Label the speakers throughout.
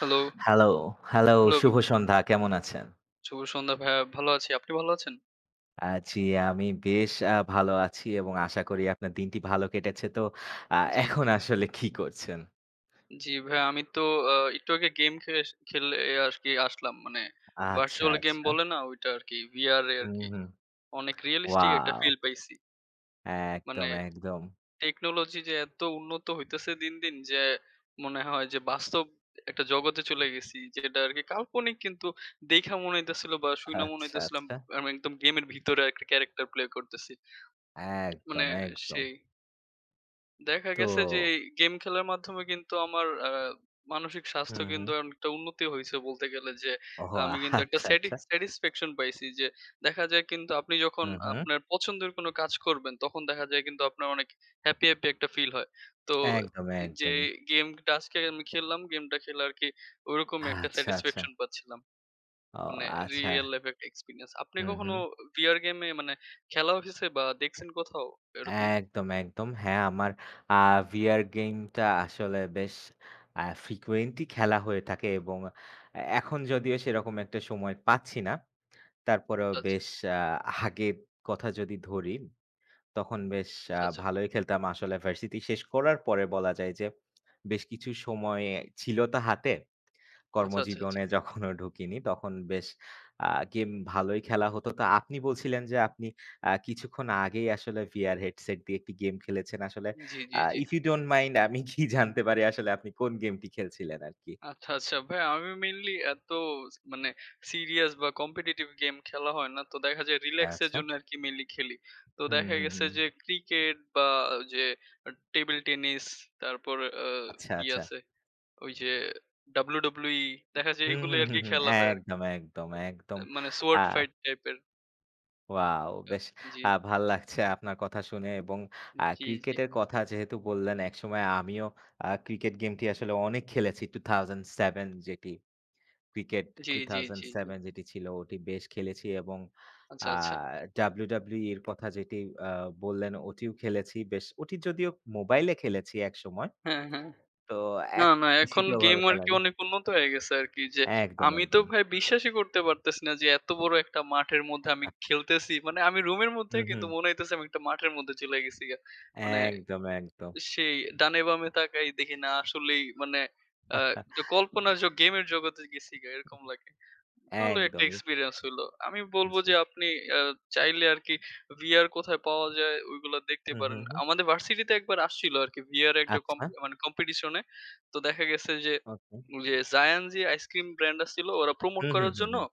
Speaker 1: Hello.
Speaker 2: Hello, hello.
Speaker 1: Hello বে
Speaker 2: শুভ সন্ধ্যা। কেমন আছেন?
Speaker 1: শুভ সন্ধ্যা ভাইয়া। ভালো আছি, আপনি ভালো আছেন?
Speaker 2: আছি আমি বেশ আ ভালো আছি এবং আশা করি আপনার দিনটি ভালো কেটেছে। তো আ
Speaker 1: জ্বী, জ্বী।
Speaker 2: এখন আসলে কী করছেন?
Speaker 1: জ্বি ভাইয়া, আমি তো আ একটু আগে গেম খে সে খেলে আরকি আসলাম, মানে
Speaker 2: আচ্ছা,
Speaker 1: Virtual game
Speaker 2: আচ্ছা।
Speaker 1: বলে না ঐটা আরকি VR-এ
Speaker 2: হু,
Speaker 1: আরকি।
Speaker 2: হু।
Speaker 1: অনেক realistic একটা
Speaker 2: Wow!
Speaker 1: feel পাইছি। মানে
Speaker 2: একদম, একদম।
Speaker 1: tecnology যে এত উন্নত হইতেছে দিন, দিন যে মনে হয় যে বাস্তব একটা জগতে চলে গেছি। যেটা আরকি কাল্পনিক কিন্তু দেইখা মনে হইতেছিলো বা শুইনা মনে
Speaker 2: আচ্ছা,
Speaker 1: হইতেছিলাম
Speaker 2: আচ্ছা।
Speaker 1: আমি একদম গেমের ভিতরে একটা character play করতেছি।
Speaker 2: একদম,
Speaker 1: মানে
Speaker 2: একদম।
Speaker 1: সেই। দেখা গেছে যে
Speaker 2: তো
Speaker 1: ই গেম খেলার মাধ্যমে কিন্তু আমার অ্যা মানসিক
Speaker 2: হু,
Speaker 1: স্বাস্থ্য কিন্তু
Speaker 2: হু।
Speaker 1: অনেকটা উন্নতি হইছে বলতে গেলে যে
Speaker 2: ওহো।
Speaker 1: আমি কিন্তু একটা
Speaker 2: আচ্ছা, আচ্ছা।
Speaker 1: স্যাটিকস satisfaction পাইছি। যে দেখা যায় কিন্তু আপনি যখন
Speaker 2: উহু।
Speaker 1: আপনার পছন্দের কোনো কাজ করবেন তখন দেখা যায় কিন্তু আপনার অনেক happy, happy একটা feel হয়। তো
Speaker 2: একদম,
Speaker 1: যে
Speaker 2: একদমই।
Speaker 1: গেমটা আজকে আমি খেল্লাম, গেমটা খেলে আরকি ওইরকমই একটা
Speaker 2: আচ্ছা, আচ্ছা।
Speaker 1: satisfaction পাচ্ছিলাম।
Speaker 2: ও
Speaker 1: মানে Real
Speaker 2: আচ্ছা।
Speaker 1: life একটা experience. আপনি
Speaker 2: হু, হু।
Speaker 1: কখনো VR game-এ মানে খেলা হইছে বা দেখছেন কোথাও এরকম?
Speaker 2: একদম, একদম। হ্যাঁ আমার আ VR গেমটা আসলে বেশ আ frequently খেলা হয়ে থাকে এবং এ এখন যদিও সেরকম একটা সময় পাচ্ছি না তারপরেও
Speaker 1: আচ্ছা, আচ্ছা।
Speaker 2: বেশ আ আগের কথা যদি ধরি তখন বেশ আ
Speaker 1: আচ্ছা, আচ্ছা।
Speaker 2: ভালোই খেলতাম আসলে ভার্সিটি শেষ করার পরে বলা যায় যে বেশ কিছু সময় ছিলো তো হাতে।
Speaker 1: আচ্ছা, আচ্ছা, আচ্ছা।
Speaker 2: কর্মজীবনে যখনও ঢুকিনি তখন বেশ আ গেম ভালোই খেলা হতো। তো আপনি বলছিলেন যে আপনি আ কিছুক্ষণ আগেই আসলে VR Headset দিয়ে একটি গেম খেলেছেন আসলে।
Speaker 1: জ্বি,
Speaker 2: আ
Speaker 1: জ্বি, জ্বি।
Speaker 2: if u dont mind, আমি কী জানতে পারি আসলে আপনি কোন গেমটি খেলছিলেন আরকি?
Speaker 1: আচ্ছা, আচ্ছা। ভাইয়া আমি mainly এত ছ মানে serious বা competitive গেম খেলা হয় না। তো দেখা যায় relax এর
Speaker 2: আচ্ছা।
Speaker 1: জন্য আরকি mainly খেলি। তো
Speaker 2: হু,
Speaker 1: দেখা
Speaker 2: হু,
Speaker 1: গেছে
Speaker 2: হু।
Speaker 1: যে ক্রিকেট বা যে টেবিল টেনিস তারপর আ
Speaker 2: আচ্ছা,
Speaker 1: কী
Speaker 2: আচ্ছা।
Speaker 1: আছে? ওই যে WWE দেখা যায়
Speaker 2: হু, হু,
Speaker 1: এগুলাই
Speaker 2: হু,
Speaker 1: আরকি
Speaker 2: হু।
Speaker 1: খেলা হয় আরকি।
Speaker 2: একদম, একদম, একদম।
Speaker 1: মানে
Speaker 2: আ
Speaker 1: Shadow Fight টাইপের।
Speaker 2: ওয়াও!
Speaker 1: আ
Speaker 2: বেশ
Speaker 1: জ্বী।
Speaker 2: আ ভাল লাগছে, আপনার কথা শুনে এবং আ
Speaker 1: জ্বী, জ্বী।
Speaker 2: ক্রিকেটের কথা যেহেতু বললেন। একসময় আমিও আ ক্রিকেট গেমটি আসলে অনেক খেলেছি, 2007 যেটি। ক্রিকেট
Speaker 1: জ্বী,
Speaker 2: Two
Speaker 1: জ্বী,
Speaker 2: Thousand
Speaker 1: জ্বী, জ্বী।
Speaker 2: Seven যেটি ছিল ওটি বেশ খেলেছি এবং আ
Speaker 1: আচ্ছা, আচ্ছা।
Speaker 2: WWE এর কথা যেটি আ বললেন ওটিও খেলেছি বেশ। ওটি যদিও মোবাইলে খেলেছি একসময়।
Speaker 1: হ্যাঁ, হ্যাঁ।
Speaker 2: তো
Speaker 1: না,
Speaker 2: এখ
Speaker 1: না এখন
Speaker 2: পিসিতে
Speaker 1: গেম
Speaker 2: ওভাবে খেলা
Speaker 1: আরকি
Speaker 2: হয় না।
Speaker 1: অনেক উন্নত হয়ে গেছে আরকি। যে
Speaker 2: একদম,
Speaker 1: আমি তো
Speaker 2: একদম।
Speaker 1: ভাই বিশ্বাসই করতে পারতেছি না যে, এত বড় একটা মাঠের মধ্যে আমি খেলতেছি। মানে আমি রুমের
Speaker 2: হুম,
Speaker 1: মধ্যেই কিন্তু
Speaker 2: হুম।
Speaker 1: মনে হইতেছে আমি একটা মাঠের মধ্যে চইলা গেছি গা। মানে
Speaker 2: একদম, একদম।
Speaker 1: সেই ডানে বামে তাকায় দেখি না আসলেই মানে আ যে কল্পনার জগ গেমের জগতে গেছিগা এরকম লাগে। ভালো একটা
Speaker 2: একদমই।
Speaker 1: এক্সপেরিয়েন্স হইল। আমি বলব যে
Speaker 2: জ্বী।
Speaker 1: আপনি আ চাইলে আরকি ভিআর কোথায় পাওয়া যায় ওগুলো দেখতে
Speaker 2: হু, হু,
Speaker 1: পারেন।
Speaker 2: হুম।
Speaker 1: আমাদের ভার্সিটিতে একবার আসছিল আরকি ভিআর একটা
Speaker 2: আচ্ছা।
Speaker 1: কম্পি মানে কম্পিটিশন এ। তো দেখা গেছে যে,
Speaker 2: okay.
Speaker 1: Za 'n Zee ice cream brand আছিলো ওরা প্রমোট
Speaker 2: হু, হু,
Speaker 1: করার
Speaker 2: হু,
Speaker 1: জন্য।
Speaker 2: হু।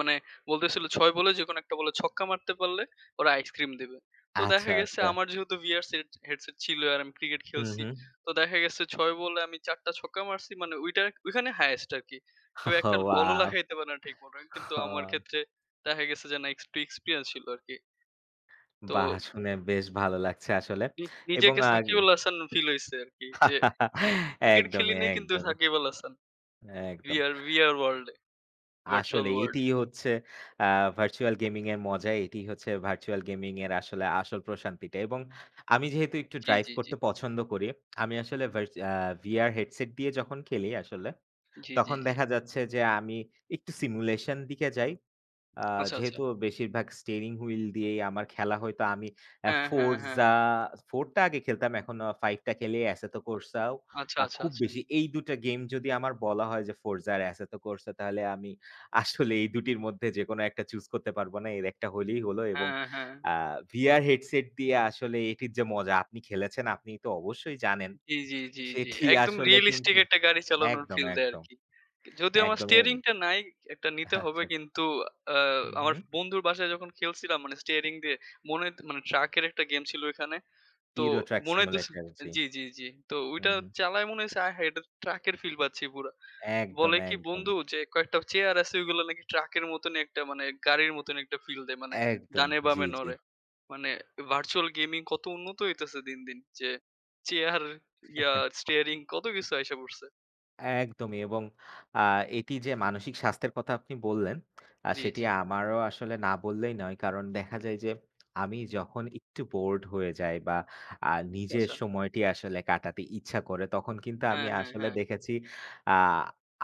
Speaker 1: মানে বলতেছিল ৬ বলে যে কোনো ১ টা বলে ছক্কা মারতে পারলে ওরা আইসক্রিম দিবে। তো
Speaker 2: আচ্ছা,
Speaker 1: দেখা গেছে
Speaker 2: আচ্ছা।
Speaker 1: আমার যেহেতু ভিআরস সেট হেডসেট ছিল, আর আমি ক্রিকেট
Speaker 2: হু,
Speaker 1: খেলছি।
Speaker 2: হু।
Speaker 1: তো দেখা গেছে ৬ বলে আমি ৪ টা ছক্কা মারছি। মানে ঐটা ঐখানে হাইস্ট আরকি। কেউ ১ টা বলও
Speaker 2: ওয়াও!
Speaker 1: লাগাইতে পারে না ঠিক মত। কিন্তু আমার
Speaker 2: ওহ।
Speaker 1: ক্ষেত্রে দেখা গেছে যে না এক্স একটু এক্সপেরিয়েন্স ছিল আরকি। তো,
Speaker 2: বাহ! শুনে বেশ ভালো লাগছে আসলে
Speaker 1: উ
Speaker 2: এবং
Speaker 1: নিজেকে
Speaker 2: আগ
Speaker 1: সাকিব আল হাসান ফিল হইছে আরকি। যে ক্রিকেট খেলি
Speaker 2: একদমই,
Speaker 1: নাই কিন্তু
Speaker 2: একদমই।
Speaker 1: সাকিব আল হাসান। ভি
Speaker 2: একদম।
Speaker 1: আর ভি আর ওয়ার্লড এ, ভার্চুয়াল
Speaker 2: আসলে
Speaker 1: ওয়ার্লড
Speaker 2: এটিই
Speaker 1: এ।
Speaker 2: হচ্ছে আ ভার্চুয়াল গেমিং এর মজা। এটিই হচ্ছে ভার্চুয়াল গেমিং এর আসলে আসল প্রশান্তিটা এবং আমি যেহেতু একটু
Speaker 1: জ্বী,
Speaker 2: ড্রাইভ
Speaker 1: জ্বী, জ্বী।
Speaker 2: করতে পছন্দ করি। আমি আসলে ভাইস আ ভিআর হেডসেট দিয়ে যখন খেলি আসলে।
Speaker 1: জ্বী, জ্বী,
Speaker 2: তখন
Speaker 1: জ্বী।
Speaker 2: দেখা যাচ্ছে যে আমি একটু সিমুলেশন দিকে যাই। আ
Speaker 1: আচ্ছা, আচ্ছা।
Speaker 2: যেহেতু বেশিরভাগ স্টিয়ারিং হুইল দিয়েই আমার খেলা হইতো। আমি
Speaker 1: হ্যাঁ, হ্যাঁ, হ্যাঁ।
Speaker 2: 'ফোর্জা' 4 টা আগে খেলতাম, এখন 5 টা খেলে 'এসেতকোর্সাও'।
Speaker 1: আচ্ছা,
Speaker 2: আ
Speaker 1: আচ্ছা,
Speaker 2: খুব
Speaker 1: আচ্ছা।
Speaker 2: বেশি এই দুটা গেম যদি আমার বলা হয় যে 'ফোর্জা আর এসেতকোর্সা' তাহলে আমি আসলে এই দুটির মধ্যে যেকোন একটা চুজ করতে পারব না। এর একটা হলেই হল এবং
Speaker 1: হ্যাঁ, হ্যাঁ, হ্যাঁ।
Speaker 2: আ ভিআর হেডসেট দিয়ে আসলে এটির যে মজা, আপনি খেলেছেন আপনি তো অবশ্যই জানেন।
Speaker 1: জ্বী, জ্বী, জ্বী, জ্বী।
Speaker 2: সেটি
Speaker 1: একদম
Speaker 2: আসলে
Speaker 1: রিয়ালিস্টিক
Speaker 2: কিন্তু
Speaker 1: একটা গাড়ি চালানোর
Speaker 2: একদম,
Speaker 1: ফিল দেয়
Speaker 2: একদম।
Speaker 1: আরকি। যদিও আমার স্টিয়ারিং
Speaker 2: একদমই।
Speaker 1: টা নাই। ১ টা
Speaker 2: আচ্ছা,
Speaker 1: নিতে হবে
Speaker 2: আচ্ছা।
Speaker 1: কিন্তু আ
Speaker 2: হু,
Speaker 1: আমার
Speaker 2: হু।
Speaker 1: বন্ধুর বাসায় যখন খেলছিলাম মানে স্টিয়ারিং দিয়ে। মনে হইত মানে ট্রাকের একটা গেম ছিল এখানে। তো
Speaker 2: ইউরোট্রাক
Speaker 1: মনে হইতেছে
Speaker 2: সিমুলেটর, জি।
Speaker 1: জ্বী, জ্বী, জ্বী। তো
Speaker 2: হু,
Speaker 1: ওইটা
Speaker 2: হু।
Speaker 1: চালায় মনে হইছে আয় হায়! এটাতো ট্রাকের ফিল পাচ্ছি পুরা।
Speaker 2: একদম,
Speaker 1: বলে কি
Speaker 2: একদম।
Speaker 1: বন্ধু যে কয়েকটা চেয়ার আছে, ওইগুলো নাকি ট্রাকের মতনই একটা মানে গাড়ির মতন একটা ফিল দেয়, মানে
Speaker 2: একদম,
Speaker 1: ডানে
Speaker 2: জ্বী,
Speaker 1: বামে
Speaker 2: জ্বী।
Speaker 1: নড়ে। মানে ভার্চুয়াল গেমিং কত উন্নত হইতাছে দিন, দিন। যে চেয়ার ইয়া স্টিয়ারিং কত কিছু আইসা পড়ছে।
Speaker 2: একদমই এবং আ এটি যে মানসিক স্বাস্থ্যের কথা আপনি বললেন। আ
Speaker 1: জি,
Speaker 2: সেটি
Speaker 1: জি।
Speaker 2: আমারও আসলে না বললেই নয় কারণ দেখা যায় যে আমি যখন একটু বোরড হয়ে যাই বা আ নিজের
Speaker 1: আচ্ছা।
Speaker 2: সময়টি আসলে কাটাতে ইচ্ছা করে, তখন কিন্তু আমি
Speaker 1: হ্যাঁ, হ্যাঁ,
Speaker 2: আসলে
Speaker 1: হ্যাঁ।
Speaker 2: দেখেছি, আ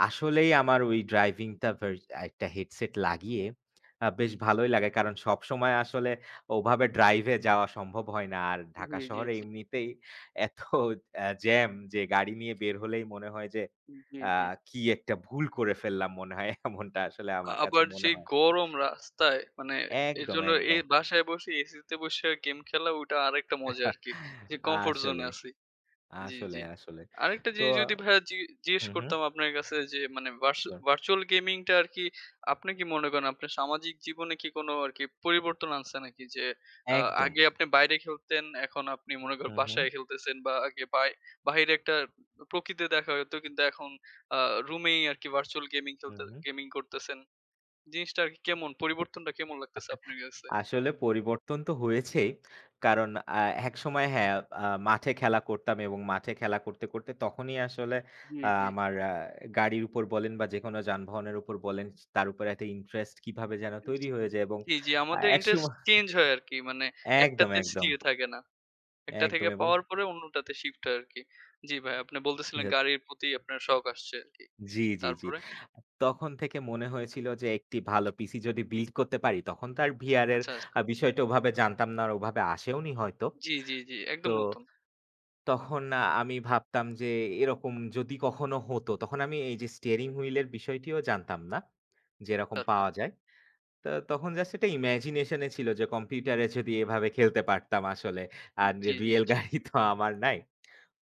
Speaker 2: আসলেই আমার ওই ড্রাইভিং টা একটা হেডসেট লাগিয়ে বেশ ভালোই লাগে। কারণ সবসময় আসলে ওভাবে ড্রাইভে যাওয়া সম্ভব হয় না। আর
Speaker 1: জি,
Speaker 2: ঢাকা
Speaker 1: জি,
Speaker 2: শহরে
Speaker 1: জি।
Speaker 2: এমনিতেই এত অ্যা জ্যাম যে গাড়ি নিয়ে বের হলেই মনে হয় যে
Speaker 1: জি,
Speaker 2: আ
Speaker 1: জি।
Speaker 2: কি একটা ভুল করে ফেললাম মনে হয় এমনটা আসলে আমার কাছে
Speaker 1: আবার যে
Speaker 2: মনে হয়।
Speaker 1: গরম রাস্তায় মানে
Speaker 2: একদম,
Speaker 1: এরজন্য এই
Speaker 2: একদম।
Speaker 1: বাসায় বসে এসিতে বসে গেম খেলা ওটা আরেকটা মজা আরকি। যে কমফোর্ট জোনে
Speaker 2: আসলে।
Speaker 1: আছি। জি,
Speaker 2: আসলে,
Speaker 1: জি।
Speaker 2: আসলে।
Speaker 1: আরেকটা
Speaker 2: তো
Speaker 1: জিনিস যদি ভাইয়া জি জিজ্ঞেস
Speaker 2: হু, হু।
Speaker 1: করতাম আপনার কাছে যে মানে ভার্চু
Speaker 2: সিওর।
Speaker 1: ভার্চুয়াল গেমিং টা আরকি আপনি কি মনে করেন আপনার সামাজিক জীবনে কি কোন আরকি পরিবর্তন আনছে নাকি? যে আ
Speaker 2: একদম।
Speaker 1: আগে আপনি বাইরে খেলতেন, এখন আপনি মনে করেন
Speaker 2: হু,
Speaker 1: বাসায়
Speaker 2: হু।
Speaker 1: খেলতেছেন বা আগে বাই বাইরে একটা প্রকৃতি দেখা যেত। কিন্তু এখন আ রুমেই আরকি ভার্চুয়াল গেমিং
Speaker 2: হু,
Speaker 1: খেলতে
Speaker 2: হু।
Speaker 1: গেমিং করতেছেন। জিনিসটা আরকি কেমন পরিবর্তনটা কেমন লাগতেছে আপনার কাছে?
Speaker 2: আসলে পরিবর্তন তো হয়েছেই। কারণ আ একসময় হ্যাঁ আ মাঠে খেলা করতাম এবং মাঠে খেলা করতে, করতে তখনই আসলে
Speaker 1: জি,
Speaker 2: আ
Speaker 1: জি।
Speaker 2: আমার আ গাড়ির উপর বলেন বা যেকোনো যানবাহনের উপর বলেন, তার উপরে এত ইন্টারেস্ট কিভাবে যেন
Speaker 1: জি,
Speaker 2: তৈরি
Speaker 1: জি।
Speaker 2: হয়ে যায় এবং
Speaker 1: জি, জি
Speaker 2: আ
Speaker 1: আমাদের ইন্টারেস্ট
Speaker 2: একসময়
Speaker 1: চেঞ্জ হয় আরকি। মানে
Speaker 2: একদম,
Speaker 1: একটাতে স্থির
Speaker 2: একদম।
Speaker 1: থাকে না। একটা থেকে
Speaker 2: একদম এবং
Speaker 1: পাওয়ার পরে অন্যটাতে শিফট হয় আরকি। জি ভাই আপনি বলতেছিলেন
Speaker 2: [unintelligible]
Speaker 1: গাড়ির প্রতি আপনার শখ আসছে আরকি।
Speaker 2: জি, জি, জি।
Speaker 1: তারপরে?
Speaker 2: তখন থেকে মনে হয়েছিল যে একটি ভালো পিসি যদি বিল্ড করতে পারি, তখন তো আর ভিআর এর
Speaker 1: আচ্ছা, আচ্ছা।
Speaker 2: বিষয়টা ওভাবে জানতাম না আর ওভাবে আসেওনি হয়তো।
Speaker 1: জি, জি, জি।
Speaker 2: তো
Speaker 1: একদম নতুন।
Speaker 2: তখন আমি ভাবতাম যে এরকম যদি কখনো হত। তখন আমি এই যে স্টিয়ারিং হুইল এর বিষয়টিও জানতাম না। যে এরকম
Speaker 1: আচ্ছা, আচ্ছা।
Speaker 2: পাওয়া যায়। তো তখন জাস্ট একটা ইমাজিনেশন ছিল যে কম্পিউটারে যদি এভাবে খেলতে পারতাম আসলে। আর
Speaker 1: জি, জি,
Speaker 2: রিয়াল
Speaker 1: জি।
Speaker 2: গাড়ি তো আমার নাই।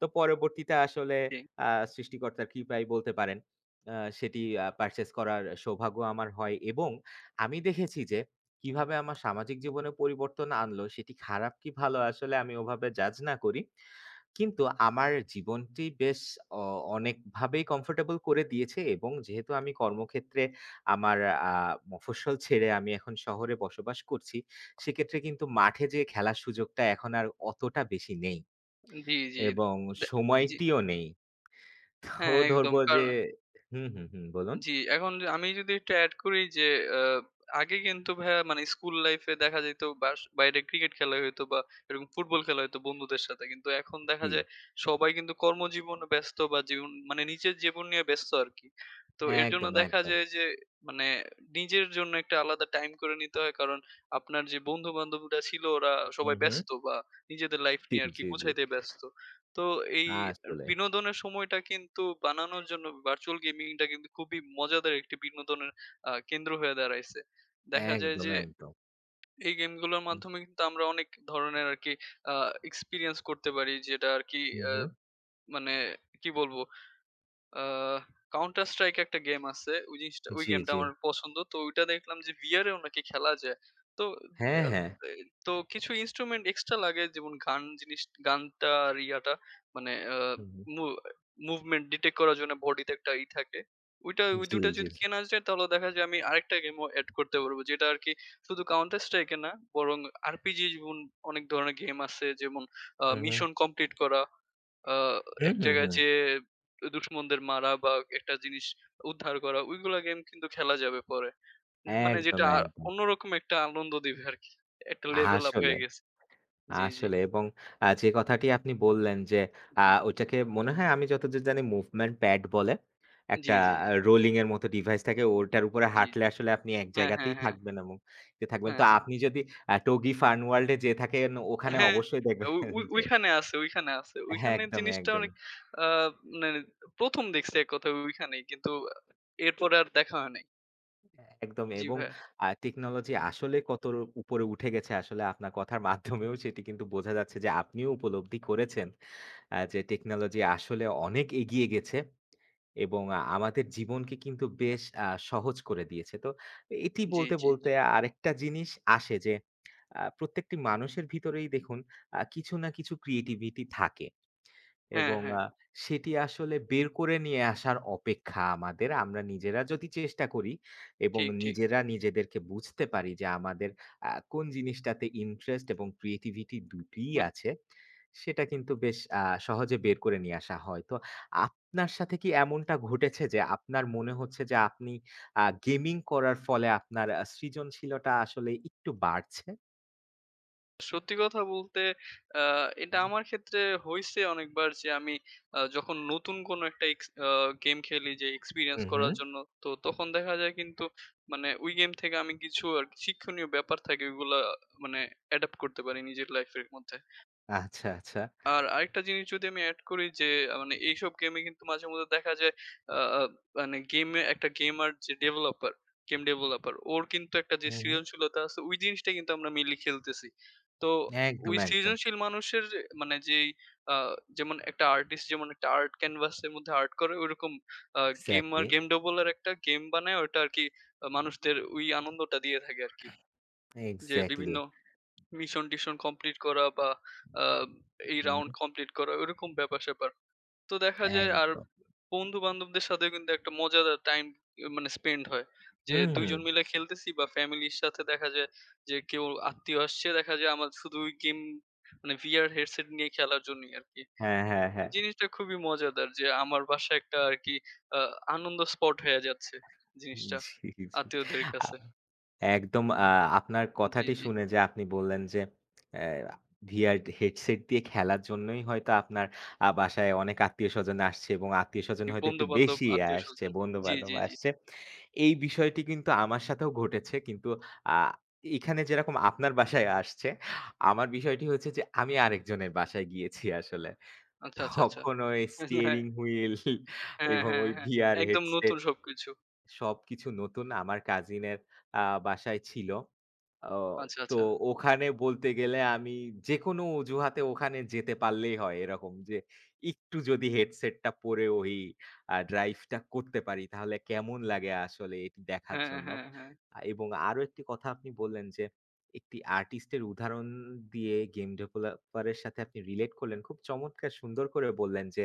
Speaker 2: তো পরবর্তীতে আসলে
Speaker 1: জি।
Speaker 2: আ সৃষ্টিকর্তা কৃপায় বলতে পারেন। আ সেটি পারচেজ করার সৌভাগ্য আমার হয় এবং আমি দেখেছি যে কিভাবে আমার সামাজিক জীবনে পরিবর্তন আনল সেটি খারাপ কি ভালো আসলে আমি ওভাবে জাজ না করি। কিন্তু আমার জীবনটি বেশ অ অনেকভাবেই কমফোর্টেবল করে দিয়েছে এবং যেহেতু আমি কর্মক্ষেত্রে আমার আ মফস্বল ছেড়ে আমি এখন শহরে বসবাস করছি সেক্ষেত্রে কিন্তু মাঠে যে খেলার সুযোগটা এখন আর অতটা বেশি নেই,
Speaker 1: জি, জি
Speaker 2: এবং
Speaker 1: অ্যা জি।
Speaker 2: সময়টিও নেই। তো
Speaker 1: হ্যাঁ
Speaker 2: ধরব
Speaker 1: একদম কার
Speaker 2: যে হু, হু, হু বলুন।
Speaker 1: জি। এখন য আমি যদি একটু এড করি যে আ আগে কিন্তু ভাইয়া মানে স্কুল লাইফ এ দেখা যাইত বাশ বাইরে ক্রিকেট খেলা হয়তো বা ফুটবল খেলা হয়তো বন্ধুদের সাথে। কিন্তু এখন দেখা
Speaker 2: জি।
Speaker 1: যায় সবাই কিন্তু কর্মজীবনে ব্যস্ত বা জীবন মানে নিজের জীবন নিয়ে ব্যস্ত আরকি। তো এর জন্য
Speaker 2: একদম,
Speaker 1: দেখা
Speaker 2: একদম।
Speaker 1: যায় যে মানে নিজের জন্য একটা আলাদা টাইম করে নিতে হয়। কারণ আপনার যে বন্ধু বান্ধবীরা ছিল ওরা
Speaker 2: হু,
Speaker 1: সবাই
Speaker 2: হু।
Speaker 1: ব্যস্ত বা নিজেদের লাইফ
Speaker 2: জি,
Speaker 1: নিয়ে আরকি
Speaker 2: জি, জি।
Speaker 1: গুছাইতে ব্যস্ত। তো এই
Speaker 2: আসলে।
Speaker 1: বিনোদনের সময়টা কিন্তু বানানোর জন্য ভার্চুয়াল গেমিংটা কিন্তু খুবই মজাদার একটি বিনোদনের আ কেন্দ্র হয়ে দাঁড়াইছে। দেখা যায়
Speaker 2: একদম,
Speaker 1: যে
Speaker 2: একদম।
Speaker 1: এই গেমগুলোর
Speaker 2: হুম।
Speaker 1: মাধ্যমে কিন্তু আমরা অনেক ধরণের আরকি আ এক্সপেরিয়েন্স করতে পারি যেটা আরকি
Speaker 2: হু,
Speaker 1: আ
Speaker 2: হু।
Speaker 1: মানে কি বলবো? আ কাউন্টার স্ট্রাইক একটা গেম আছে। ওই জিনিসটা ওই
Speaker 2: জি,
Speaker 1: গেমটা
Speaker 2: জি।
Speaker 1: আমার পছন্দ। তো ঐটা দেখলাম যে ভিয়ার এও নাকি খেলা যায়। তো
Speaker 2: হ্যাঁ,
Speaker 1: আ
Speaker 2: হ্যাঁ।
Speaker 1: এ তো কিছু ইন্সট্রুমেন্ট এক্সট্রা লাগে যেমন গান জিনিস গানটা আর ইয়াটা মানে। আ
Speaker 2: হু, হু।
Speaker 1: মু মুভমেন্ট ডিটেক্ট করার জন্য বডিতে একটা ই থাকে। ঐটা ওই
Speaker 2: জি,
Speaker 1: ২ টা
Speaker 2: জি।
Speaker 1: যদি কেনা যায় তাহলে দেখা যায় আমি আরেকটা গেমও এড করতে পারব। যেটা আরকি শুধু কাউন্টার স্ট্রাইক না। বরং আরপিজি অনেক ধরনের গেম আছে যেমন আ
Speaker 2: হু, হু।
Speaker 1: মিশন কমপ্লিট করা। আ
Speaker 2: হু,
Speaker 1: এক
Speaker 2: হু,
Speaker 1: জায়গায়
Speaker 2: হু।
Speaker 1: যেয়ে দুশমনদের মারা বা একটা জিনিস উদ্ধার করা। ঐগুলা গেম কিন্তু খেলা যাবে পরে। মানে
Speaker 2: একদম,
Speaker 1: যেটা
Speaker 2: একদম।
Speaker 1: অন্যরকম একটা আনন্দ দিবে আরকি। একটা লেভেল আপ
Speaker 2: আসলে।
Speaker 1: হয়ে গেছে। জি, জি।
Speaker 2: আসলে এবং আ যে কথাটি আপনি বললেন
Speaker 1: জি,
Speaker 2: আ
Speaker 1: জি।
Speaker 2: ঐটাকে মনে হয় আমি যতদুর জানি মুভমেন্ট প্যাড বলে।
Speaker 1: জি,
Speaker 2: একটা
Speaker 1: জি, জি।
Speaker 2: রোলিং এর মত ডিভাইস থাকে, ওটার উপরে
Speaker 1: জি,
Speaker 2: হাঁটলে
Speaker 1: জি।
Speaker 2: আসলে আপনি এক
Speaker 1: হ্যাঁ, হ্যাঁ,
Speaker 2: জায়গাতেই
Speaker 1: হ্যাঁ।
Speaker 2: থাকবেন এবং থাকবেন। তো
Speaker 1: হ্যাঁ, হ্যাঁ।
Speaker 2: আপনি যদি 'টগি ফার্ন ওয়ার্লড' এ যেয়ে থাকেন ওখানে
Speaker 1: হ্যাঁ,
Speaker 2: অবশ্যই
Speaker 1: ঐ
Speaker 2: দেখবেন
Speaker 1: ঐ
Speaker 2: যে
Speaker 1: ঐখানে আছে ঐখানে আছে।
Speaker 2: হ্যাঁ,
Speaker 1: ওইখানের
Speaker 2: একদমই,
Speaker 1: জিনিসটা
Speaker 2: একদমই।
Speaker 1: অনেক আ মানে প্রথম দেখছি এক কথায় ঐখানেই। কিন্তু এরপরে আর দেখা হয় নাই।
Speaker 2: একদমই
Speaker 1: জি
Speaker 2: এবং
Speaker 1: ভাইয়া।
Speaker 2: আ টেকনোলজি আসলে কত র উপরে উঠে গেছে আসলে আপনার কথার মাধ্যমেও সেটি কিন্তু বোঝা যাচ্ছে। যে আপনিও উপলব্ধি করেছেন। যে টেকনোলজি আসলে অনেক এগিয়ে গেছে। এবং আ আমাদের জীবনকে কিন্তু বেশ আ সহজ করে দিয়েছে। তো এটি
Speaker 1: জ্বী,
Speaker 2: বলতে,
Speaker 1: জ্বী
Speaker 2: বলতে
Speaker 1: ,জ্বী।
Speaker 2: আরেকটা জিনিস আসে। যে আ প্রত্যেকটি মানুষের ভিতরেই দেখুন আ কিছু না কিছু ক্রিয়েটিভিটি থাকে।
Speaker 1: হ্যাঁ,
Speaker 2: এবং
Speaker 1: হ্যাঁ।
Speaker 2: আ সেটি আসলে বের করে নিয়ে আসার অপেক্ষা আমাদের। আমরা নিজেরা যদি চেষ্টা করি এবং
Speaker 1: ঠিক, ঠিক।
Speaker 2: নিজেরা নিজেদেরকে বুঝতে পারি যে, আমাদের আ কোন জিনিসটাতে ইন্টারেস্ট এবং ক্রিয়েটিভিটি দুটোই
Speaker 1: হ্যাঁ।
Speaker 2: আছে। সেটা কিন্তু বেশ আ সহজে বের করে নিয়ে আসা হয়। তো আপনার সাথে কি এমনটা ঘটেছে। যে আপনার মনে হচ্ছে, যে আপনি আ গেমিং করার ফলে আপনার আ সৃজনশীলতা আসলে একটু বাড়ছে?
Speaker 1: সত্যি কথা বলতে আ এটা
Speaker 2: হুম।
Speaker 1: আমার ক্ষেত্রে হইছে অনেকবার। যে আমি আ যখন নতুন কোন একটা এক্স আ গেম খেলি যে এক্সপেরিয়েন্স
Speaker 2: হু,
Speaker 1: করার
Speaker 2: হু।
Speaker 1: জন্য। তো তখন দেখা যায় কিন্তু মানে ওই গেম থেকে আমি কিছু আরকি শিক্ষণীয় ব্যাপার থাকে ঐগুলো মানে অ্যাডাপ্ট করতে পারি নিজের লাইফ এর মধ্যে।
Speaker 2: আচ্ছা, আচ্ছা।
Speaker 1: আর, আরেকটা জিনিস যদি আমি এড করি যে, আ মানে এইসব গেম এ কিন্তু মাঝে মধ্যে দেখা যায় আ আব মানে গেমে একটা গেমার যে developer গেম developer, ওর কিন্তু একটা যে
Speaker 2: হু, হু।
Speaker 1: সৃজনশীলতা আছে, ওই জিনিসটা কিন্তু আমরা মেইনলি খেলতেছি। তো, ওই
Speaker 2: একদম, একদম।
Speaker 1: সৃজনশীল মানুষের যে মানে, যেই আ যেমন একটা আর্টিস্ট যেমন একটা আর্ট ক্যানভাস এর মধ্যে আর্ট করে, ঐরকম আ গেমার
Speaker 2: এক্সাক্টলি।
Speaker 1: গেম developer একটা গেম বানায় ওটা আরকি, এ্যা মানুষদের ঐ আনন্দটা দিয়ে থাকে আরকি। যে
Speaker 2: এক্সাক্টলি।
Speaker 1: বিভিন্ন মিশন-টিশন কমপ্লিট করা বা আ এই
Speaker 2: হু,
Speaker 1: রাউন্ড
Speaker 2: হু।
Speaker 1: কমপ্লিট করা, ওরকম ব্যাপার-স্যাপার। তো দেখা যায় আর,
Speaker 2: একদম।
Speaker 1: বন্ধু-বান্ধবদের সাথেও কিন্তু একটা মজাদার টাইম ই মানে স্পেন্ড হয়।
Speaker 2: হু,
Speaker 1: যে ২ জন
Speaker 2: হু।
Speaker 1: মিলে খেলতেছি বা ফ্যামিলির সাথে দেখা যায় যে, কেউ আত্মীয় আসছে, দেখা যায় আমার শুধুই গেম, মানে VR হেডসেট নিয়ে খেলার জন্যই আরকি।
Speaker 2: হ্যাঁ, হ্যাঁ, হ্যাঁ।
Speaker 1: জিনিসটা খুবই মজাদার যে, আমার বাসায় একটা আরকি আ আনন্দ স্পট হয়া যাচ্ছে, জিনিসটা,
Speaker 2: জি, জি।
Speaker 1: আত্মীয়দের
Speaker 2: আ
Speaker 1: কাছে।
Speaker 2: একদম আ আপনার
Speaker 1: জ্বী,
Speaker 2: কথাটি
Speaker 1: জ্বী।
Speaker 2: শুনে যে, আপনি বললেন যে, "এ্যা আ VR হেডসেট দিয়ে খেলার জন্যই হয়তো আপনার আ বাসায় অনেক আত্মীয়-স্বজন আসছে এবং আত্মীয়-স্বজন হয়তো একটু
Speaker 1: বন্ধু-বান্ধব,
Speaker 2: বেশিই আসছে,
Speaker 1: আত্মীয়স্বজন, জ্বি,
Speaker 2: বন্ধু-বান্ধব
Speaker 1: জ্বি, জ্বি।
Speaker 2: আসছে।" এই বিষয়টি কিন্তু আমার সাথেও ঘটেছে। কিন্তু আ এখানে যেরকম আপনার বাসায় আসছে, আমার বিষয়টি হচ্ছে যে, আমি আরেকজনের বাসায় গিয়েছি আসলে।
Speaker 1: আচ্ছা, আচ্ছা, আচ্ছা।
Speaker 2: তখন ওই স্টিয়ারিং হুইল
Speaker 1: হ্যাঁ,
Speaker 2: এবং
Speaker 1: হ্যাঁ,
Speaker 2: ওই
Speaker 1: হ্যাঁ।
Speaker 2: VR
Speaker 1: একদম নতুন
Speaker 2: Headset
Speaker 1: সবকিছু।
Speaker 2: সবকিছু নতুন, আমার কাজিনের আ বাসায় ছিলো। ও
Speaker 1: আচ্ছা,
Speaker 2: তো
Speaker 1: আচ্ছা।
Speaker 2: ওখানে বলতে গেলে আমি যেকোনো অজুহাতে ওখানে যেতে পারলেই হয়। এরকম যে, একটু যদি হেডসেট টা পরে ওই আ ড্রাইভ টা করতে পারি তাহলে কেমন লাগে আসলে এটি দেখার
Speaker 1: হ্যাঁ,
Speaker 2: জন্য।
Speaker 1: হ্যাঁ। হ্যাঁ।
Speaker 2: এবং আরো একটি কথা আপনি বললেন যে, একটি আর্টিস্ট এর উদাহরণ দিয়ে গেম ডেভেলপার এর সাথে আপনি রিলেট করলেন খুব চমৎকার সুন্দর করে বললেন যে,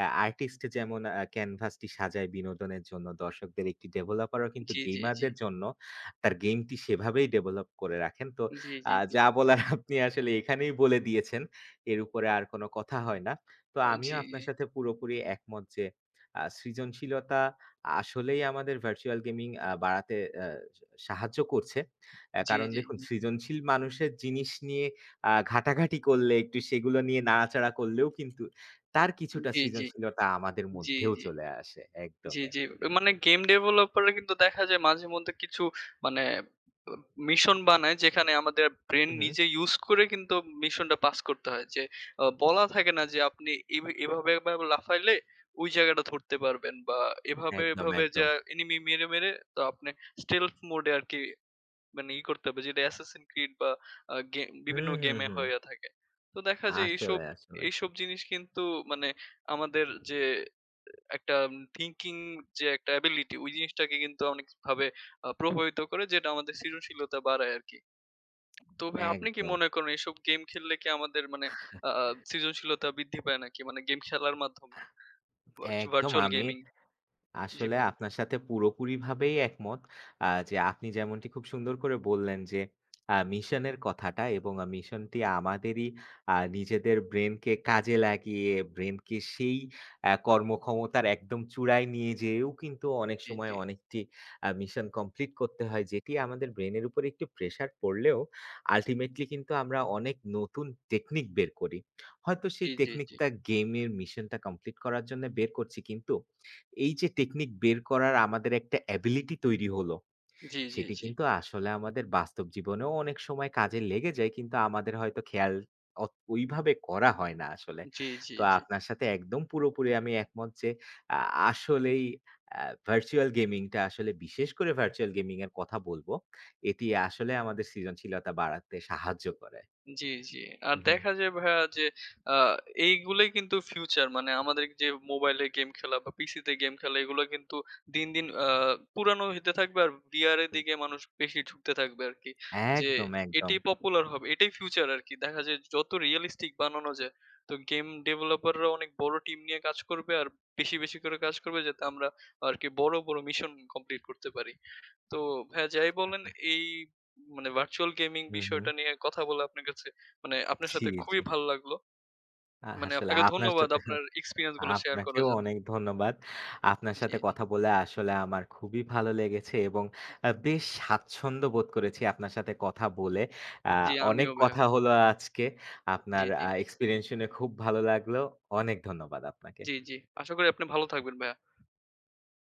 Speaker 2: "এ্যা আর্টিস্ট যেমন আ ক্যানভাস টি সাজায় বিনোদনের জন্য, দর্শকদের, একটি ডেভেলপার ও কিন্তু
Speaker 1: জ্বি, জ্বি,
Speaker 2: গেমার
Speaker 1: জ্বি।
Speaker 2: দের জন্য তার গেম টি সেভাবেই ডেভেলপ করে রাখেন।" তো
Speaker 1: জ্বী,
Speaker 2: আ
Speaker 1: জ্বী, জ্বী।
Speaker 2: যা বলার আপনি আসলে এখানেই বলে দিয়েছেন। এর উপরে আর কোন কথা হয় না। তো
Speaker 1: আ
Speaker 2: আমিও
Speaker 1: জ্বি।
Speaker 2: আপনার সাথে পুরোপুরি একমত যে আ সৃজনশীলতা, আসলেই আমাদের ভার্চুয়াল গেমিং আ বাড়াতে এ্যা সা সাহায্য করছে। এ্যা
Speaker 1: জ্বি,
Speaker 2: কারণ
Speaker 1: জ্বি,
Speaker 2: দেখুন
Speaker 1: জ্বি।
Speaker 2: সৃজনশীল মানুষের জিনিস নিয়ে আ ঘাটাঘাটি করলে, একটু সেগুলো নিয়ে নাড়াচাড়া করলেও কিন্তু তার কিছুটা
Speaker 1: জ্বি, জ্বি।
Speaker 2: সৃজনশীলতা আমাদের
Speaker 1: জ্বি,
Speaker 2: মধ্যেও
Speaker 1: জ্বি।
Speaker 2: চলে আসে।
Speaker 1: জ্বি,
Speaker 2: একদমই,
Speaker 1: জ্বি।
Speaker 2: একদমই।
Speaker 1: মানে গেম ডেভেলপাররা কিন্তু দেখা যায় মাঝে মধ্যে কিছু, মানে এ্যা মিশন বানায় যেখানে আমাদের ব্রেইন
Speaker 2: উহু।
Speaker 1: নিজে use করে কিন্তু মিশনটা পাস করতে হয়। যে, আ বলা থাকে না যে, আপনি এ এভাবে এভাবে লাফাইলে ওই জায়গাটা ধরতে পারবেন। বা এভাবে,
Speaker 2: একদম,
Speaker 1: এভাবে
Speaker 2: একদম।
Speaker 1: যা এনিমি মেরে, মেরে তো আপনি স্টেলফ মোড এ আরকি মানে ই করতে হবে যেটা অ্যাসাসিন ক্রিড বা এ্যা গে
Speaker 2: হু,
Speaker 1: বিভিন্ন
Speaker 2: হু,
Speaker 1: গেম
Speaker 2: হু।
Speaker 1: হইয়া থাকে। তো দেখা যায় এইসব
Speaker 2: আসলে, আসলে।
Speaker 1: এইসব জিনিস কিন্তু আমাদের যে এ্যা একটা থিংকিং যে একটা অ্যাবিলিটি জিনিসটাকে কিন্তু অনেকভাবে আ প্রভাবিত করে যেটা আমাদের সৃজনশীলতা বাড়ায় আরকি। তো ভাই আপনি কি
Speaker 2: একদম।
Speaker 1: মনে করেন। এইসব গেম খেললে কি আমাদের মানে আ আ সৃজনশীলতা বৃদ্ধি পায় নাকি? মানে গেম খেলার মাধ্যমে। ভার্চু
Speaker 2: একদম
Speaker 1: ভার্চুয়াল
Speaker 2: আমি,
Speaker 1: গেমিং। জ্বি
Speaker 2: আসলে
Speaker 1: ভাইয়া।
Speaker 2: আপনার সাথে পুরোপুরি ভাবেই একমত। আ যে আপনি যেমনটি খুব সুন্দর করে বললেন যে, এ্যা মিশনের কথাটা এবং মিশন টি আমাদেরই আ নিজেদের ব্রেইনকে কাজে লাগিয়ে, ব্রেইন কে সেই এ্যা কর্মক্ষমতার একদম চূড়ায় নিয়ে যেয়েও কিন্তু অনেক
Speaker 1: জ্বি,
Speaker 2: সময়
Speaker 1: জ্বি।
Speaker 2: অনেকটি আ মিশন কমপ্লিট করতে হয়। যেটি আমাদের ব্রেইনের উপরে একটু প্রেশার পড়লেও, আল্টিমেটলি কিন্তু আমরা অনেক নতুন টেকনিক বের করি। হয়তো সেই
Speaker 1: জ্বি, জ্বি, জ্বি।
Speaker 2: টেকনিকটা গেম এর মিশনটা কমপ্লিট করার জন্য বের করছি। কিন্তু এই যে টেকনিক বের করার আমাদের একটা অ্যাবিলিটি তৈরি হলো,
Speaker 1: জ্বি, জ্বি,
Speaker 2: সেটি
Speaker 1: জ্বি।
Speaker 2: কিন্তু আসলে আমাদের বাস্তব জীবনেও অনেক সময় কাজে লেগে যায় কিন্তু আমাদের হয়তো খেয়াল অত ঐ ভাবে করা হয় না আসলে।
Speaker 1: জ্বি, জ্বি,
Speaker 2: তো
Speaker 1: জ্বি।
Speaker 2: আপনার সাথে একদম পুরোপুরি আমি একমত যে, আ
Speaker 1: জি।
Speaker 2: আসলেই এ্যা ভার্চুয়াল গেমিং টা, আসলে বিশেষ করে ভার্চুয়াল গেমিং এর কথা বলবো। এটি আসলে আমাদের সৃজনশীলতা বাড়াতে সাহায্য করে।
Speaker 1: জি, জি। আর
Speaker 2: উহু।
Speaker 1: দেখা যায় ভাইয়া যে, আ এইগুলোই কিন্তু ফিউচার মানে আমাদের যে মোবাইলে গেম খেলা বা পিসি তে গেম খেলা এইগুলা কিন্তু দিন, দিন আ পুরানো হইতে থাকবে আর বিয়ার এর
Speaker 2: হু।
Speaker 1: দিকে মানুষ বেশি ঢুকতে থাকবে আরকি। যে
Speaker 2: একদম,
Speaker 1: এটিই
Speaker 2: একদম।
Speaker 1: পপুলার হবে। এটাই ফিউচার আরকি। দেখা যায় যত রিয়ালিস্টিক বানানো যায়। তো গেম ডেভেলপার রা অনেক বড় টিম নিয়ে কাজ করবে। আর বেশি, বেশি করে কাজ করবে যাতে আমরা আরকি বড়, বড় মিশন কমপ্লিট করতে পারি। তো ভাইয়া যাই বলেন এই মানে ভার্চুয়াল গেমিং
Speaker 2: হু,
Speaker 1: বিষয়টা
Speaker 2: হু।
Speaker 1: নিয়ে কথা বলে আপনার কাছে, মানে আপনার
Speaker 2: জি,
Speaker 1: সাথে খুবই
Speaker 2: জি।
Speaker 1: ভালো লাগলো।
Speaker 2: আ
Speaker 1: মানে
Speaker 2: আসলে
Speaker 1: আপনাকে
Speaker 2: আপনার
Speaker 1: ধন্যবাদ।
Speaker 2: সাথেও
Speaker 1: আপনার এক্সপেরিয়েন্স গুলা শেয়ার করার
Speaker 2: আপনাকেও
Speaker 1: জন্য।
Speaker 2: অনেক ধন্যবাদ। আপনার
Speaker 1: জ্বী,
Speaker 2: সাথে
Speaker 1: জ্বী।
Speaker 2: কথা বলে আসলে আমার খুবই ভালো লেগেছে, এবং আ বেশ স্বাচ্ছন্দ্য বোধ করেছি আপনার সাথে কথা বলে। আ
Speaker 1: জ্বি,
Speaker 2: অনেক
Speaker 1: আমিও ভাইয়া।
Speaker 2: কথা হলো আজকে।
Speaker 1: জ্বী,
Speaker 2: আপনার
Speaker 1: জ্বী।
Speaker 2: আ এক্সপেরিয়েন্স শুনে খুব ভালো লাগলো। অনেক ধন্যবাদ আপনাকে।
Speaker 1: জ্বী, জ্বী। আশা করি আপনি ভালো থাকবেন ভাইয়া।